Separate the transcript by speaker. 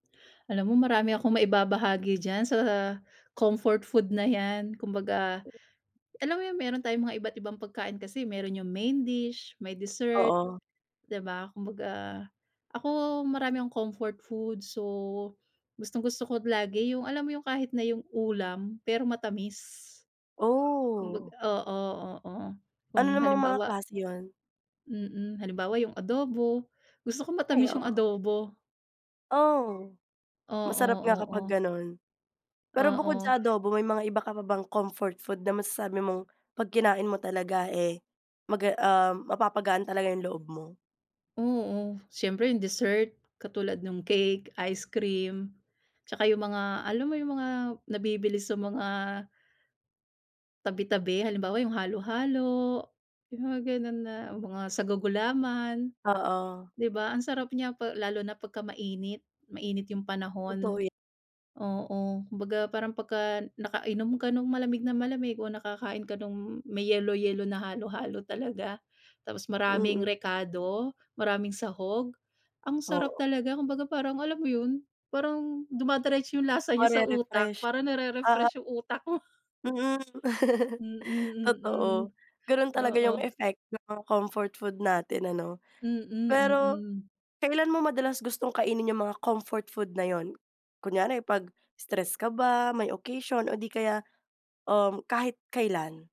Speaker 1: Alam mo marami akong maibabahagi diyan sa comfort food na yan. Kumbaga, alam mo 'yun, meron tayong mga iba't ibang pagkain kasi, eh. Meron 'yung main dish, may dessert,
Speaker 2: Oo.
Speaker 1: di ba? Kumbaga, ako marami akong comfort food so, gustong-gusto ko lagi, 'yung alam mo 'yung kahit na 'yung ulam, pero matamis. Kumbaga
Speaker 2: Oh!
Speaker 1: oo, oo.
Speaker 2: Ano
Speaker 1: Kung
Speaker 2: namang mga
Speaker 1: halimbawa
Speaker 2: klase 'yun?
Speaker 1: Mm. Halimbawa 'yung adobo, gusto ko
Speaker 2: Ay,
Speaker 1: matamis 'yung
Speaker 2: oo.
Speaker 1: adobo.
Speaker 2: Oh! Masarap nga
Speaker 1: Oo,
Speaker 2: kapag
Speaker 1: oo.
Speaker 2: ganun. Pero bukod
Speaker 1: Oo.
Speaker 2: sa adobo may mga iba ka pa bang comfort food na masasabi mong 'pag kinain mo talaga eh, maga ah, mapapagaan talaga yung loob mo?
Speaker 1: Oo. Siyempre 'yung dessert, katulad nung cake, ice cream, 'tsaka 'yung mga, alam mo 'yung mga nabibili sa mga tabi-tabi. Halimbawa 'yung halo-halo, 'yung mga ganun na mga sago-gulaman.
Speaker 2: Oo.
Speaker 1: Di ba, ang sarap niya pa lalo na pagka mainit, mainit 'yung
Speaker 2: Totoo
Speaker 1: panahon.
Speaker 2: yan.
Speaker 1: Oo, kumbaga, parang pagka nakainom ka nung malamig na malamig o nakakain ka nung may yelo-yelo na halo-halo talaga, tapos maraming
Speaker 2: Mm.
Speaker 1: rekado, maraming sahog? Ang sarap
Speaker 2: Oo.
Speaker 1: talaga, kumbaga parang alam mo 'yun? Parang dumideretso 'yung lasa niya sa utak,
Speaker 2: Mare-refresh.
Speaker 1: parang
Speaker 2: Oo.
Speaker 1: nare-refresh 'yung utak ko.
Speaker 2: Mhm.
Speaker 1: Mm, mm.
Speaker 2: Totoo, ganun talaga 'yung
Speaker 1: Oo.
Speaker 2: effect ng mga comfort food natin ano?
Speaker 1: Mm,
Speaker 2: Pero,
Speaker 1: mm.
Speaker 2: kailan mo madalas gustong kainin 'yung mga comfort food na 'yun? Kunyari, 'pag stress ka ba, may occasion o di kaya um, kahit kailan?